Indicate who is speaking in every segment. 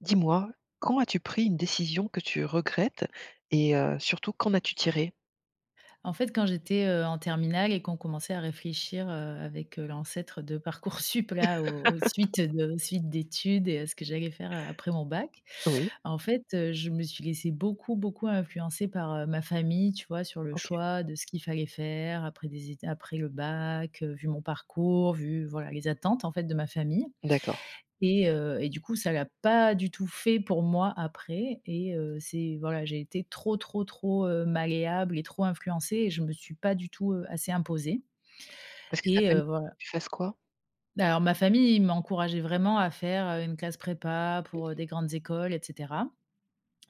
Speaker 1: Dis-moi, quand as-tu pris une décision que tu regrettes et heu, surtout qu'en as-tu tiré?
Speaker 2: En fait, quand j'étais, heu, en terminale et qu'on commençait à réfléchir, heu, avec, heu, l'ancêtre de Parcoursup là, aux aux suites de aux suites d'études et heu, ce que j'allais faire a après mon bac.
Speaker 1: Oui.
Speaker 2: En fait, heu, je me suis laissée beaucoup, beaucoup influencer par, heu, ma famille, tu vois? Sur le
Speaker 1: OK.
Speaker 2: choix de ce qu'il fallait faire après des étu après le bac, heu, vu mon parcours, vu voilà les attentes, en fait, de ma famille
Speaker 1: D'accord.
Speaker 2: et heu, et du coup ça l'a pas du tout fait pour moi après et heu, c'est voilà, j'ai été trop trop trop, heu, malléable et trop influencée et je me suis pas du tout, heu, assez imposée
Speaker 1: Parce que ta
Speaker 2: et heu,
Speaker 1: famille
Speaker 2: voilà.
Speaker 1: que tu fasses quoi?
Speaker 2: Bah, alors ma famille, ils m'encourageaient vraiment à faire, heu, une classe prépa
Speaker 1: Mmh
Speaker 2: pour, heu,
Speaker 1: mh.
Speaker 2: des grandes écoles et cetera.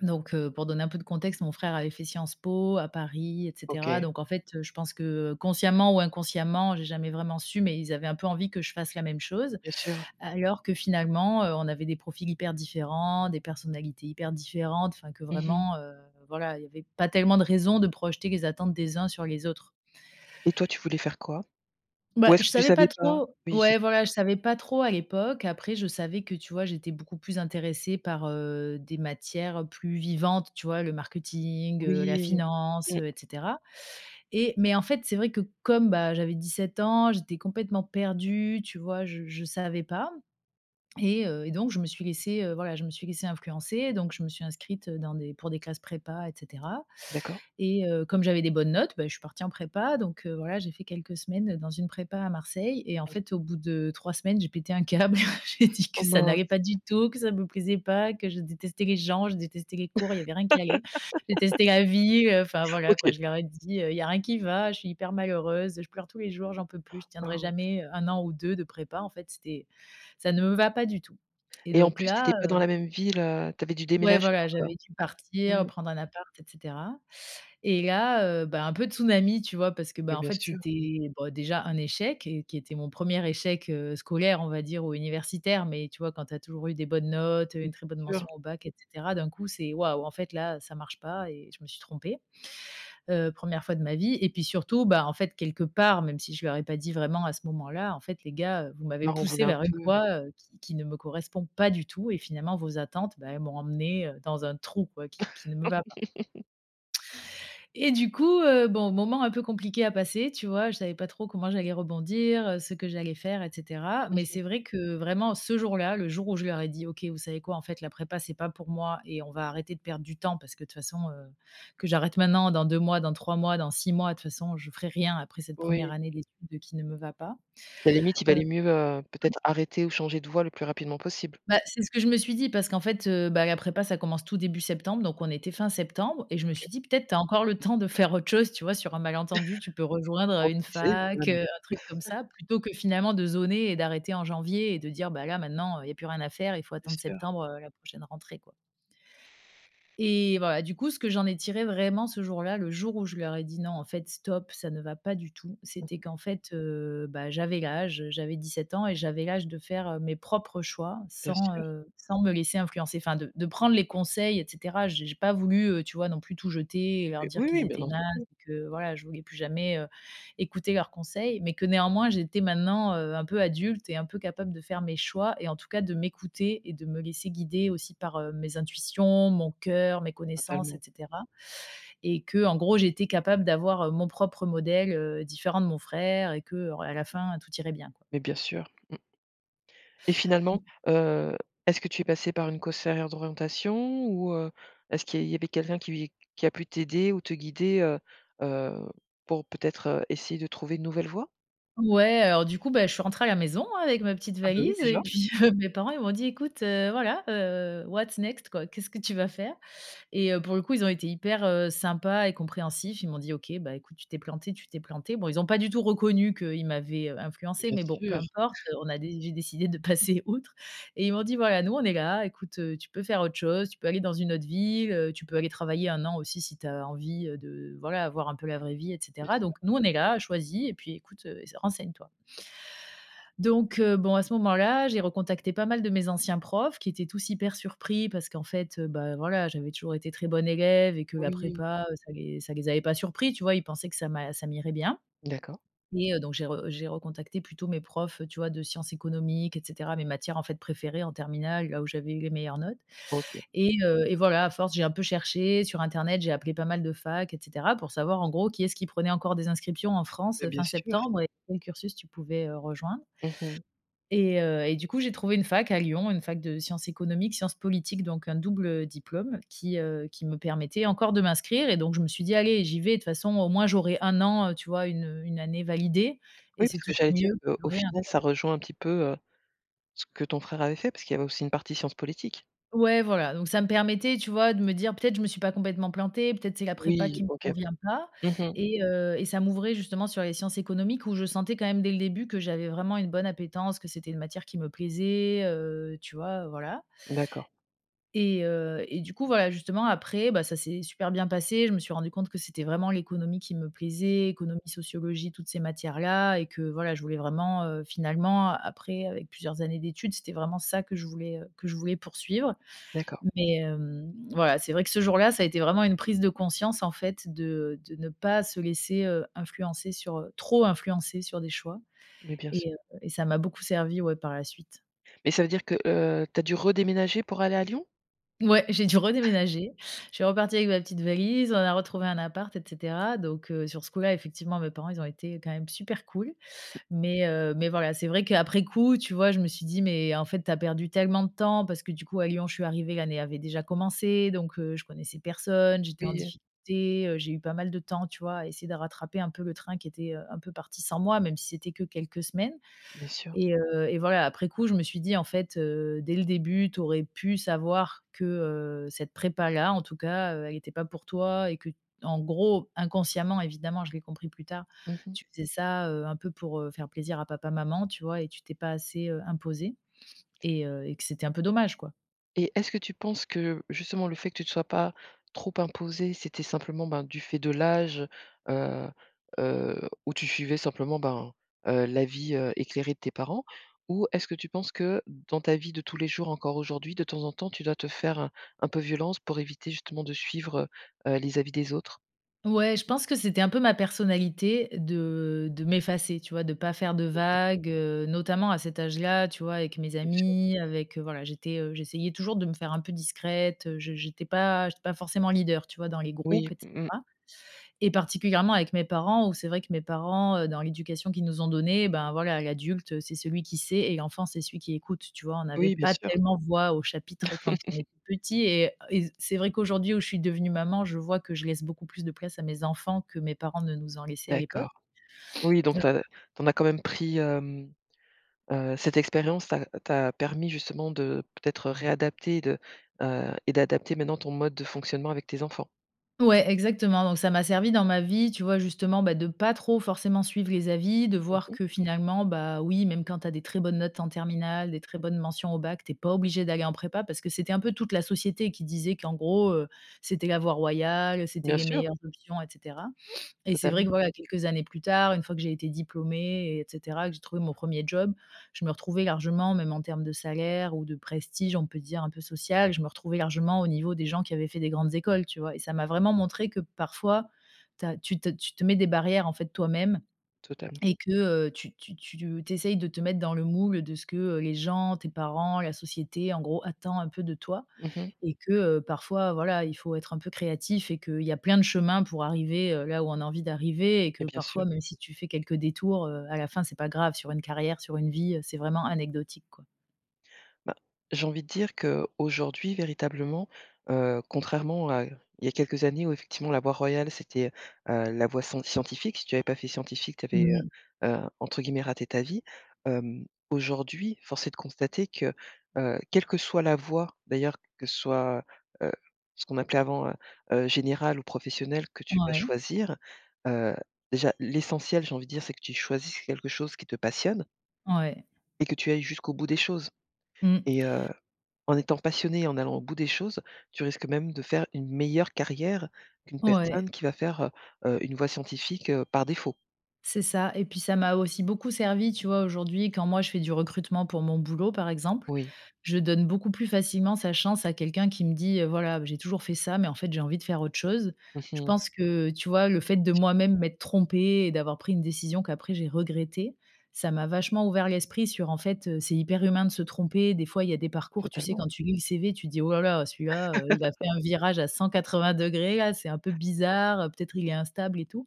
Speaker 2: Donc heu, pour donner un peu de contexte, mon frère avait fait Sciences Po à Paris et cetera.
Speaker 1: OK.
Speaker 2: Donc en fait, heu, je pense que, heu, consciemment ou inconsciemment, j'ai jamais vraiment su, mais ils avaient un peu envie que je fasse la même chose.
Speaker 1: Bien sûr.
Speaker 2: Alors que finalement, heu, on avait des profils hyper différents, des personnalités hyper différentes, enfin que
Speaker 1: Mmh mh.
Speaker 2: vraiment, heu, voilà, il y avait pas tellement de raisons de projeter les attentes des uns sur les autres.
Speaker 1: Et toi tu voulais faire quoi?
Speaker 2: Bah,
Speaker 1: Ou est-ce
Speaker 2: je
Speaker 1: que tu
Speaker 2: savais pas
Speaker 1: savais pas?
Speaker 2: trop.
Speaker 1: Oui c'est
Speaker 2: Ouais,
Speaker 1: sûr.
Speaker 2: voilà, je savais pas trop à l'époque. Après je savais que, tu vois, j'étais beaucoup plus intéressée par, heu, des matières plus vivantes, tu vois? Le marketing, heu, la
Speaker 1: Oui,
Speaker 2: finance,
Speaker 1: mmh.
Speaker 2: heu et cetera et mais en fait, c'est vrai que comme, bah, j'avais 17 ans, j'étais complètement perdue, tu vois? Je je savais pas et heu, et donc je me suis laissée, heu, voilà, je me suis laissée influencer. Donc je me suis inscrite dans des pour des classes prépa et cetera
Speaker 1: D'accord.
Speaker 2: et heu, comme j'avais des bonnes notes, bah, je suis partie en prépa. Donc heu, voilà j'ai fait quelques semaines, heu, dans une prépa à Marseille et en
Speaker 1: Mmh mh.
Speaker 2: fait au bout de 3 semaines, j'ai pété un câble. J'ai dit
Speaker 1: Oh
Speaker 2: que ça
Speaker 1: mince!
Speaker 2: n'allait pas du tout, que ça ne me plaisait pas, que je détestais les gens, je détestais les cours, il y avait rien qui allait. Je détestais la ville, enfin voilà quoi,
Speaker 1: OK.
Speaker 2: je leur ai dit: «Heu, il y a rien qui va, je suis hyper malheureuse, je pleure tous les jours, j'en peux plus, je tiendrai
Speaker 1: Waouh.
Speaker 2: jamais, heu, 1 an ou 2 de prépa, en fait c'était ça ne me va pas du tout» et
Speaker 1: Et en
Speaker 2: donc
Speaker 1: plus tu étais
Speaker 2: là,
Speaker 1: pas dans
Speaker 2: heu
Speaker 1: la même ville, heu, tu avais dû
Speaker 2: Ouais
Speaker 1: déménager.
Speaker 2: voilà, j'avais
Speaker 1: [unintelligible]
Speaker 2: dû partir,
Speaker 1: Mmh.
Speaker 2: prendre un appart et cetera et là heu, bah, un peu tsunami, tu vois? Parce que
Speaker 1: Bah,
Speaker 2: bah, en
Speaker 1: bien
Speaker 2: fait
Speaker 1: sûr.
Speaker 2: c'était, bah, déjà un échec et qui était mon 1er échec, heu, scolaire, on va dire, ou universitaire. Mais tu vois, quand tu as toujours eu des bonnes notes, heu, une
Speaker 1: Bien
Speaker 2: très bonne
Speaker 1: sûr.
Speaker 2: mention au bac et cetera, d'un coup c'est: «Waouh en fait là, ça marche pas et je me suis trompée». Heu, 1re fois de ma vie et puis surtout, bah, en fait, quelque part, même si je leur ai pas dit vraiment à ce moment-là, en fait les gars, heu, vous
Speaker 1: Tu
Speaker 2: m'avez
Speaker 1: leur en
Speaker 2: poussée
Speaker 1: voulais un
Speaker 2: vers une
Speaker 1: peu.
Speaker 2: voie, heu, qui qui ne me correspond pas du tout et finalement vos attentes, bah, elles m'ont emmenée, heu, dans un trou quoi, qui qui ne me va pas et du coup, heu, bon, moment un peu compliqué à passer, tu vois? Je savais pas trop comment j'allais rebondir, heu, ce que j'allais faire et cetera,
Speaker 1: Mmh
Speaker 2: mais
Speaker 1: mh.
Speaker 2: c'est vrai que vraiment ce jour-là, le jour où je leur ai dit: «OK, vous savez quoi? En fait la prépa c'est pas pour moi et on va arrêter de perdre du temps parce que de toutes façons, heu, que j'arrête maintenant, dans 2 mois, dans 3 mois, dans 6 mois, de toutes façons, je ferai rien après cette 1re
Speaker 1: Oui.
Speaker 2: année d'études qui ne me va pas».
Speaker 1: Bah limite il
Speaker 2: Heu
Speaker 1: valait mieux, heu,
Speaker 2: [unintelligible]
Speaker 1: peut-être arrêter ou changer de voie le plus rapidement possible.
Speaker 2: Bah, c'est ce que je me suis dit parce qu'en fait, heu, bah la prépa, ça commence tout début septembre, donc on était fin septembre et je me
Speaker 1: OK.
Speaker 2: suis dit: «Peut-être, tu as encore le temps de faire autre chose», tu vois? Sur un malentendu, tu peux rejoindre,
Speaker 1: On
Speaker 2: heu, une
Speaker 1: ne sait
Speaker 2: fac,
Speaker 1: jamais.
Speaker 2: heu, un truc comme ça plutôt que finalement, de zoner et d'arrêter en janvier et de dire: «Bah là maintenant, heu, il y a plus rien à faire, il faut
Speaker 1: Bien
Speaker 2: attendre
Speaker 1: sûr.
Speaker 2: septembre, heu, la prochaine rentrée, quoi» et voilà, du coup, ce que j'en ai tiré vraiment ce jour-là, le jour où je leur ai dit: «Non en fait stop, ça ne va pas du tout»,
Speaker 1: Mmh
Speaker 2: c'était
Speaker 1: mh.
Speaker 2: qu'en fait, heu, bah, j'avais l'âge, heu, j'avais 17 ans et j'avais l'âge de faire, heu, mes propres choix
Speaker 1: Bien
Speaker 2: sans,
Speaker 1: sûr.
Speaker 2: heu, sans me laisser influencer. Enfin de de prendre les conseils et cetera. J j'ai pas voulu, heu, tu vois, non plus tout jeter et leur dire
Speaker 1: Oui,
Speaker 2: qu'ils
Speaker 1: oui. Bien
Speaker 2: étaient nazes
Speaker 1: entendu.
Speaker 2: et que voilà, je voulais plus jamais, heu, écouter leurs conseils. Mais que néanmoins, j'étais maintenant, heu, un peu adulte et un peu capable de faire mes choix et en tout cas de m'écouter et de me laisser guider aussi par, heu, mes intuitions, mon cœur, mes connaissances et
Speaker 1: Fatalement.
Speaker 2: cetera et qu'en gros, j'étais capable d'avoir, heu, mon propre modèle, heu, différent de mon frère et que en à la fin, tout irait bien, quoi.
Speaker 1: Mais bien sûr. Mmh. Et finalement, heu, est-ce que tu es passée par une conseillère d'orientation ou, heu, est-ce qu'il y a il y avait quelqu'un qui v qui a pu t'aider ou te guider, heu, heu, pour, peut-être, heu, essayer de trouver une nouvelle voie?
Speaker 2: Ouais, heu, alors du coup, bah je suis rentrée à la maison avec ma petite
Speaker 1: Ah beh, oui
Speaker 2: valise et
Speaker 1: déjà.
Speaker 2: puis heu, mes parents, ils m'ont dit: «Écoute, heu, voilà, what's next? Quoi, qu'est-ce que tu vas faire?» et heu, pour le coup, ils ont été hyper, heu, sympas et compréhensifs. Ils m'ont dit: «OK, bah, écoute tu t'es plantée, tu t'es plantée». Bon ils ont pas du tout reconnu qu'ils m'avaient, heu,
Speaker 1: Mais,
Speaker 2: influencée,
Speaker 1: bien
Speaker 2: mais bon peu
Speaker 1: sûr.
Speaker 2: importe. Heu, on a dé j'ai décidé de passer outre et ils m'ont dit: «Voilà, nous on est là, écoute, heu, tu peux faire autre chose, tu peux aller dans une autre ville, heu, tu peux aller travailler 1 an aussi si tu as envie, heu, de voilà, voir un peu la vraie vie et
Speaker 1: Bien
Speaker 2: cetera.
Speaker 1: sûr.
Speaker 2: Donc nous on est là, choisis et puis écoute, heu, ess renseigne-toi» donc heu, bon à ce moment-là, j'ai recontacté pas mal de mes anciens profs qui étaient tous hyper surpris parce qu'en fait, heu, bah, voilà j'avais toujours été très bonne élève et que la
Speaker 1: Oui.
Speaker 2: prépa, heu, ça les ça les avait pas surpris, tu vois? Ils pensaient que ça m'a ça m'irait bien
Speaker 1: D'accord.
Speaker 2: et heu, donc j'ai re j'ai recontacté plutôt mes profs, heu, tu vois, de sciences économiques et cetera, mes matières en fait préférées en terminale. Là où j'avais eu les meilleures notes
Speaker 1: OK.
Speaker 2: et heu, et voilà, à force j'ai un peu cherché sur internet, j'ai appelé pas mal de facs et cetera, pour savoir en gros qui est-ce qui prenait encore des inscriptions en France,
Speaker 1: Beh,
Speaker 2: heu,
Speaker 1: bien
Speaker 2: fin
Speaker 1: sûr.
Speaker 2: septembre et quel cursus tu pouvais, heu, rejoindre
Speaker 1: Mmh mh.
Speaker 2: et heu, et du coup j'ai trouvé une fac à Lyon, une fac de sciences économiques, sciences politiques donc un double diplôme qui, heu, qui me permettait encore de m'inscrire et donc je me suis dit: «Allez j'y vais, de toutes façons, au moins, j'aurai 1 an», heu, tu vois? 1 heu, 1 année validée et
Speaker 1: Oui
Speaker 2: c'est
Speaker 1: parce que
Speaker 2: toujours
Speaker 1: j'allais dire,
Speaker 2: mieux
Speaker 1: heu,
Speaker 2: que
Speaker 1: au
Speaker 2: rien,
Speaker 1: final
Speaker 2: quoi.
Speaker 1: ça rejoint un petit peu, heu, ce que ton frère avait fait parce qu'il y avait aussi une partie sciences politiques.
Speaker 2: Ouais voilà, donc ça me permettait, tu vois, de me dire: «Peut-être, je me suis pas complètement plantée, peut-être c'est la prépa qui
Speaker 1: Oui,
Speaker 2: me
Speaker 1: OK.
Speaker 2: convient pas»
Speaker 1: Mmh mh.
Speaker 2: et heu, et ça, m'ouvrait justement sur les sciences économiques où je sentais quand même dès le début que j'avais vraiment une bonne appétence, que c'était une matière qui me plaisait, heu, tu vois? Voilà.
Speaker 1: D'accord.
Speaker 2: Et heu, et du coup, voilà justement après, bah, ça s'est super bien passé, je me suis rendu compte que c'était vraiment l'économie qui me plaisait, économie, sociologie, toutes ces matières-là et que voilà, je voulais vraiment, heu, finalement après, avec plusieurs années d'études c'était vraiment ça que je voulais, heu, que je voulais poursuivre.
Speaker 1: D'accord.
Speaker 2: Mais, hem, voilà, c'est vrai que ce jour-là, ça a été vraiment une prise de conscience en fait de, heu, de ne pas se laisser heu influencer sur, heu, trop influencer sur des choix,
Speaker 1: Mais bien s
Speaker 2: et heu, et ça m'a beaucoup servi, ouais, par la suite.
Speaker 1: Mais ça veut dire que, heu, tu as dû redéménager pour aller à Lyon?
Speaker 2: Mouais, j'ai dû redéménager. Je suis repartie avec ma petite valise, on a retrouvé un appart, et cetera. Donc heu, sur ce coup-là, effectivement mes parents, ils ont été quand même super cool. Mais heu, mais voilà, c'est vrai qu'après coup, tu vois, je me suis dit: «Mais en fait, tu as perdu tellement de temps», parce que du coup à Lyon, je suis arrivée, l'année avait déjà commencé donc, heu, je connaissais personne, j'étais en
Speaker 1: Oui, heu
Speaker 2: difficulté, heu, j'ai eu pas mal de temps, tu vois, à essayer de rattraper un peu le train qui était, heu, un peu parti sans moi, même si c'était que quelques semaines.
Speaker 1: Bien sûr.
Speaker 2: Et heu, et voilà, après coup, je me suis dit: «En fait, heu, dès le début, tu aurais pu savoir que, heu, cette prépa là, en tout cas, heu, elle était pas pour toi». Et qu'en gros inconsciemment, évidemment, je l'ai compris plus tard.
Speaker 1: Mmh mh.
Speaker 2: «Tu faisais ça, heu, un peu pour, heu, faire plaisir à papa, maman, tu vois? Et tu t'es pas assez, heu, imposée, et heu, et que c'était un peu dommage, quoi».
Speaker 1: Et est-ce que tu penses que, justement, le fait que tu te sois pas trop imposée, c'était simplement, ben, du fait de l'âge, heu heu, où tu suivais simplement, ben, heu, l'avis, heu, éclairé de tes parents? Ou est-ce que tu penses que, dans ta vie de tous les jours, encore aujourd'hui, de temps en temps, tu dois te faire un un peu violence pour éviter, justement, de suivre, heu heu, les avis des autres?
Speaker 2: Ouais, je pense que c'était un peu ma personnalité de, heu, de m'effacer, tu vois, de pas faire de
Speaker 1: OK.
Speaker 2: vagues, heu, notamment à cet âge-là. Tu vois, avec mes
Speaker 1: Bien sûr.
Speaker 2: amis, avec, heu, voilà, j'étais, heu, j'essayais toujours de me faire un peu discrète. Je je j'étais pas j'étais pas forcément leader, tu vois, dans les groupes
Speaker 1: Oui.
Speaker 2: et
Speaker 1: Mmh mh.
Speaker 2: cetera et particulièrement avec mes parents où, c'est vrai que mes parents, heu, dans l'éducation qu'ils nous ont donnée, bah, voilà, l'adulte, heu, c'est celui qui sait et l'enfant, c'est celui qui écoute. Tu vois, on avait
Speaker 1: Oui, bien
Speaker 2: pas
Speaker 1: sûr.
Speaker 2: tellement voix au chapitre quand on était petits et heu et c'est vrai qu'aujourd'hui, où je suis devenue maman, je vois que je laisse beaucoup plus de place à mes enfants que mes parents ne nous en laissaient à l'époque.
Speaker 1: D'accord. Oui, donc, tu as
Speaker 2: Heu
Speaker 1: tu en as quand même pris, hem, heu cette expérience t'a t'a permis, justement, de peut-être, heu,
Speaker 2: Mmh.
Speaker 1: réadapter et de, heu et d'adapter maintenant ton mode de fonctionnement avec tes enfants.
Speaker 2: Ouais exactement, donc, ça m'a servi dans ma vie, tu vois, justement, bah, de pas trop forcément suivre les avis, de
Speaker 1: Mmh
Speaker 2: voir
Speaker 1: mh.
Speaker 2: que finalement, bah, oui, même quand tu as des très bonnes notes en terminale, des très bonnes mentions au bac, tu es pas obligé d'aller en prépa, parce que c'était un peu toute la société qui disait qu'en gros, heu, c'était la voie royale, c'était
Speaker 1: Bien
Speaker 2: les
Speaker 1: sûr.
Speaker 2: meilleurs options et cetera, et c'est vrai
Speaker 1: Totalement.
Speaker 2: que, voilà, quelques années plus tard, 1 fois que j'ai été diplômée et cetera que j'ai trouvé mon 1er job, je me retrouvais largement, même en termes de salaire ou de prestige, on peut dire, un peu social, je me retrouvais largement au niveau des gens qui avaient fait des grandes écoles, tu vois, et ça m'a vraiment montré que parfois tu as tu te tu te mets des barrières, en fait, toi-même,
Speaker 1: Totalement.
Speaker 2: et que, heu, tu tu tu te tu essayes de te mettre dans le moule de ce que, heu, les gens, tes parents, la société, en gros, attend un peu de toi
Speaker 1: Mmh mh.
Speaker 2: et que, heu, parfois, voilà, il faut être un peu créatif et qu'il y a plein de chemins pour arriver, heu, là où on a envie d'arriver et que
Speaker 1: Mais bien sûr.
Speaker 2: parfois, même si tu fais quelques détours, heu, à la fin, c'est pas grave sur une carrière, sur une vie, heu, c'est vraiment anecdotique, quoi.
Speaker 1: Ben, j'ai envie de dire qu'aujourd'hui véritablement, heu, contrairement à il y a quelques années où effectivement la voie royale c'était, heu heu, la voie sen scientifique, si tu avais pas fait scientifique, tu avais,
Speaker 2: Mmh mh.
Speaker 1: heu heu, entre guillemets «raté ta vie». Hem, aujourd'hui, force est de constater que, heu, quelle que soit la voie d'ailleurs, que ce soit, heu, ce qu'on appelait avant, heu heu, générale ou professionnelle que tu vas
Speaker 2: Ouais.
Speaker 1: choisir, heu déjà l'essentiel, j'ai envie de dire, c'est que tu choisisses quelque chose qui te passionne
Speaker 2: Ouais.
Speaker 1: et que tu ailles jusqu'au bout des choses
Speaker 2: Mmh.
Speaker 1: et heu, en étant passionné, et en allant au bout des choses, tu risques même de faire une meilleure carrière qu'une
Speaker 2: Ouais.
Speaker 1: personne qui va faire, heu heu, une voie scientifique, heu, par défaut.
Speaker 2: C'est ça, et puis, ça m'a aussi beaucoup servi, tu vois, aujourd'hui, quand moi je fais du recrutement pour mon boulot, par exemple,
Speaker 1: Oui.
Speaker 2: je donne beaucoup plus facilement sa chance à quelqu'un qui me dit: «Voilà, j'ai toujours fait ça, mais en fait, j'ai envie de faire autre chose».
Speaker 1: Mmh
Speaker 2: Je
Speaker 1: mh.
Speaker 2: pense que, tu vois, le fait de moi-même m'être trompée et d'avoir pris une décision qu'après j'ai regrettée, ça m'a vachement ouvert l'esprit sur, en fait, heu, c'est hyper humain de se tromper, des fois, il y a des parcours, tu sais,
Speaker 1: Totalement.
Speaker 2: quand tu lis le CV, tu te dis: «Oh là là, celui-là, heu, il a fait un virage à 180° là, c'est un peu bizarre, peut-être il est instable», et tout,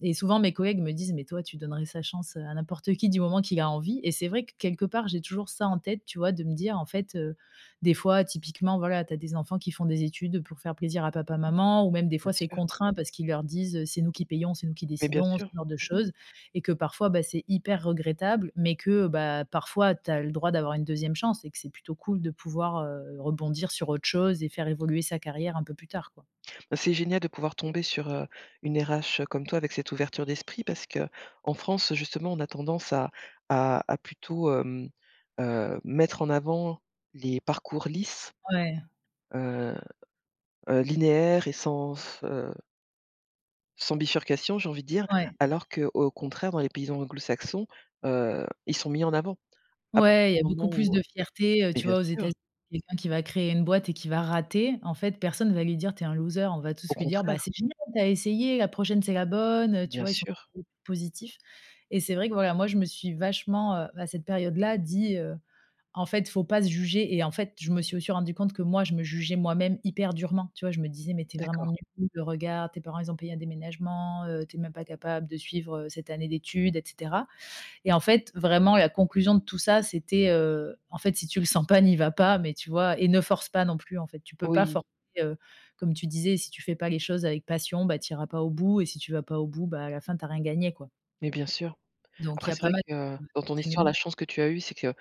Speaker 2: et souvent mes collègues me disent: «Mais toi, tu donnerais sa chance à n'importe qui, du moment qu'il a envie», et c'est vrai que, quelque part, j'ai toujours ça en tête, tu vois, de me dire, en fait, heu, des fois, typiquement, voilà, tu as des enfants qui font des études pour faire plaisir à papa maman ou même, des
Speaker 1: Bien
Speaker 2: fois, c'est
Speaker 1: sûr.
Speaker 2: contraint parce qu'ils leur disent heu,: «C'est nous qui payons, c'est nous qui
Speaker 1: Mais bien
Speaker 2: décidons», ce
Speaker 1: sûr.
Speaker 2: genre de
Speaker 1: Mmh mh.
Speaker 2: choses et que parfois, bah, c'est hyper regrettable, mais que, bah, parfois tu as le droit d'avoir une 2e chance et que c'est plutôt cool de pouvoir, heu, rebondir sur autre chose et faire évoluer sa carrière un peu plus tard, quoi.
Speaker 1: Bah, c'est génial de pouvoir tomber sur, heu, une RH comme toi avec cette ouverture d'esprit, parce qu'en France, justement, on a tendance à à à plutôt, hem heu, mettre en avant les parcours lisses,
Speaker 2: Ouais.
Speaker 1: heu heu, linéaires et sans f heu sans bifurcation, j'ai envie de dire,
Speaker 2: Ouais.
Speaker 1: alors qu'au contraire dans les pays anglo-saxons, heu, ils sont mis en avant à partir
Speaker 2: Ouais, il
Speaker 1: du
Speaker 2: y a
Speaker 1: moment
Speaker 2: beaucoup plus
Speaker 1: où, heu
Speaker 2: de fierté, heu,
Speaker 1: mais
Speaker 2: tu
Speaker 1: bien
Speaker 2: vois, aux
Speaker 1: sûr.
Speaker 2: États-Unis, quelqu'un qui va créer une boîte et qui va rater, en fait, personne va lui dire: «Tu es un loser», on va tous
Speaker 1: Au
Speaker 2: lui dire: «Bah,
Speaker 1: contraire.
Speaker 2: c'est génial, tu as essayé, la prochaine c'est la bonne», heu, tu
Speaker 1: Bien
Speaker 2: vois, ils sont
Speaker 1: sûr.
Speaker 2: [unintelligible] positifs. Et c'est vrai que, voilà, moi, je me suis vachement, heu, à cette période là, dit, heu: «En fait, il faut pas se juger», et en fait, je me suis aussi rendu compte que moi, je me jugeais moi-même hyper durement. Tu vois, je me disais: «Mais tu es vraiment
Speaker 1: D'accord.
Speaker 2: nulle, regarde, tes parents ils ont payé un déménagement, heu, tu es même pas capable de suivre, heu, cette année d'études», et cetera, et en fait, vraiment, la conclusion de tout ça c'était, heu, en fait, si tu le sens pas, n'y va pas, mais tu vois et ne force pas non plus, en fait, tu peux pas
Speaker 1: Oui.
Speaker 2: forcer, heu, comme tu disais, si tu fais pas les choses avec passion, bah, tu iras pas au bout et si tu vas pas au bout, bah, à la fin, tu as rien gagné, quoi.
Speaker 1: Mais bien sûr.
Speaker 2: Donc il
Speaker 1: Après
Speaker 2: y a
Speaker 1: c'est
Speaker 2: pas
Speaker 1: vrai
Speaker 2: mal
Speaker 1: que,
Speaker 2: [unintelligible]
Speaker 1: dans ton histoire,
Speaker 2: d'enseignements.
Speaker 1: la chance que tu as eue, c'est que,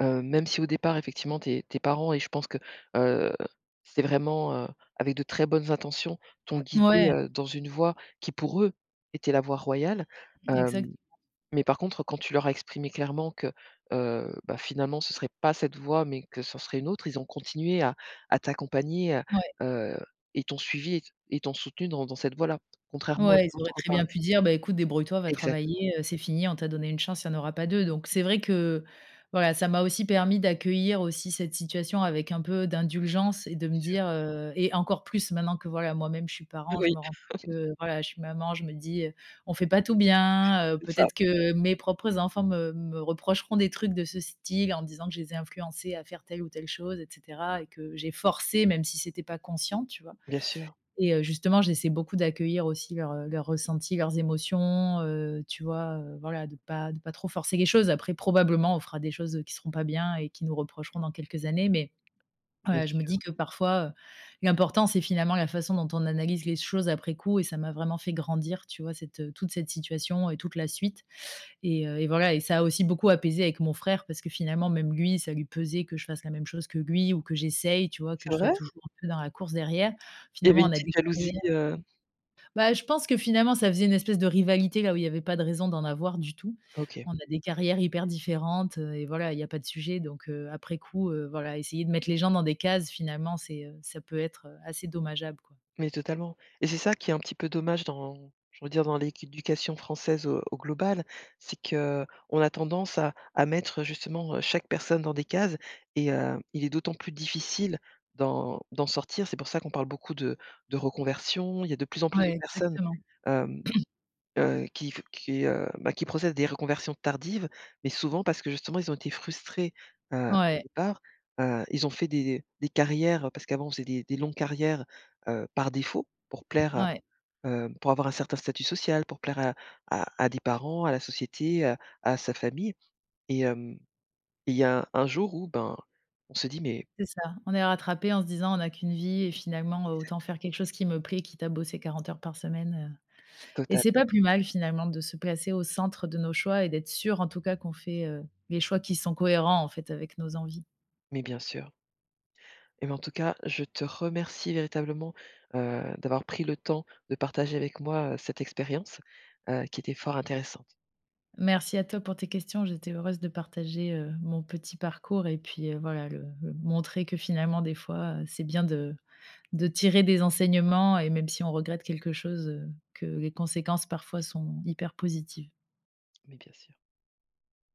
Speaker 1: heu, même si au départ effectivement tes tes parents et je pense que, heu, c'est vraiment, heu, avec de très bonnes intentions, t'ont guidée,
Speaker 2: Ouais.
Speaker 1: heu, dans une voie qui pour eux était la voie royale.
Speaker 2: Exact.
Speaker 1: Hem, mais par contre, quand tu leur as exprimé clairement que, heu, bah, finalement, ce serait pas cette voie mais que ça en serait une autre, ils ont continué à à t'accompagner, à
Speaker 2: Ouais.
Speaker 1: heu, et t'ont suivie et t et t'ont soutenue dans dans cette voie là, contrairement à
Speaker 2: Ouais, ils auraient
Speaker 1: d'autres
Speaker 2: très
Speaker 1: pa
Speaker 2: bien pu dire: «Beh, écoute, débrouille toi, va
Speaker 1: Exactement.
Speaker 2: travailler, heu, c'est fini, on t'a donné 1 chance, il y en aura pas 2». Donc c'est vrai que, voilà, ça m'a aussi permis d'accueillir aussi cette situation avec un peu d'indulgence et de
Speaker 1: Bien
Speaker 2: me
Speaker 1: sûr.
Speaker 2: dire, heu et encore plus maintenant que, voilà moi-même, je suis parent, je
Speaker 1: Oui.
Speaker 2: me rends compte que, voilà, je suis maman, je me dis, heu,: «On fait pas tout
Speaker 1: C
Speaker 2: bien, heu,
Speaker 1: c'est ça.
Speaker 2: peut-être que mes propres enfants me me reprocheront des trucs de ce style, en disant que je les ai influencés à faire telle ou telle chose et cetera et que j'ai forcé, même si c'était pas conscient», tu vois
Speaker 1: Bien sûr.
Speaker 2: et heu, justement, j'essaie beaucoup d'accueillir aussi leurs, heu leurs ressentis, leurs émotions, heu, tu vois, heu voilà, de pas de pas trop forcer les choses, après, probablement, on fera des choses, heu, qui seront pas bien et qu'ils nous reprocheront dans quelques années, mais
Speaker 1: Bien
Speaker 2: ouais, je me
Speaker 1: sûr.
Speaker 2: dis que, parfois, heu, l'important c'est, finalement, la façon dont on analyse les choses après coup et ça m'a vraiment fait grandir, tu vois, cette, heu, toute cette situation et toute la suite et heu, et voilà, et ça a aussi beaucoup apaisé avec mon frère, parce que, finalement, même lui, ça lui pesait que je fasse la même chose que lui ou que j'essaye, tu vois, que
Speaker 1: C'est
Speaker 2: je sois
Speaker 1: vrai?
Speaker 2: toujours un peu dans la course derrière.
Speaker 1: Il y avait
Speaker 2: Finalement,
Speaker 1: une
Speaker 2: on a
Speaker 1: petite
Speaker 2: des carrières
Speaker 1: jalousie,
Speaker 2: [unintelligible]
Speaker 1: heu?
Speaker 2: bah, je pense que finalement, ça faisait une espèce de rivalité, là où il y avait pas de raison d'en avoir du tout.
Speaker 1: OK.
Speaker 2: On a des carrières hyper différentes, heu, et voilà, il y a pas de sujet donc heu, après coup, heu, voilà essayer de mettre les gens dans des cases finalement, c'est, heu ça peut être, heu, assez dommageable, quoi.
Speaker 1: Mais totalement et c'est ça qui est un petit peu dommage dans j'ai envie de dire, dans l'éducation française au au global, c'est qu'on a tendance à à mettre justement, heu, chaque personne dans des cases et heu, il est d'autant plus difficile d'en d'en sortir. C'est pour ça qu'on parle beaucoup de de reconversion, il y a de plus en plus
Speaker 2: Ouais,
Speaker 1: de personnes,
Speaker 2: exactement.
Speaker 1: hem heu, qui f qui, heu bah, qui procèdent à des reconversions tardives, mais souvent parce que, justement, ils ont été frustrés, heu, au
Speaker 2: Ouais.
Speaker 1: départ. Heu, ils ont fait des des des carrières parce qu'avant on faisait des des longues carrières, heu, par défaut pour plaire,
Speaker 2: Ouais.
Speaker 1: heu heu, pour avoir un certain statut social, pour plaire à à à des parents, à la société, heu, à sa famille, et hem, il y a un jour où, ben, on se dit mais
Speaker 2: C'est ça, on est rattrapés en se disant: «On a qu'1 vie et finalement autant
Speaker 1: Exactement.
Speaker 2: faire quelque chose qui me plaît, quitte à bosser 40 heures par semaine», heu, et
Speaker 1: Total.
Speaker 2: c'est pas plus mal, finalement, de se placer au centre de nos choix et d'être sûrs, en tout cas, qu'on fait, heu, les choix qui sont cohérents, en fait, avec nos envies.
Speaker 1: Mais bien sûr. Eh ben, en tout cas, je te remercie véritablement, heu, d'avoir pris le temps de partager avec moi, heu, cette expérience, heu, qui était fort intéressante.
Speaker 2: Merci à toi pour tes questions, j'étais heureuse de partager, heu, mon petit parcours et puis, heu, voilà, le le montrer que finalement des fois, heu, c'est bien de de tirer des enseignements et même si on regrette quelque chose, heu, que les conséquences parfois sont hyper positives.
Speaker 1: Mais bien sûr.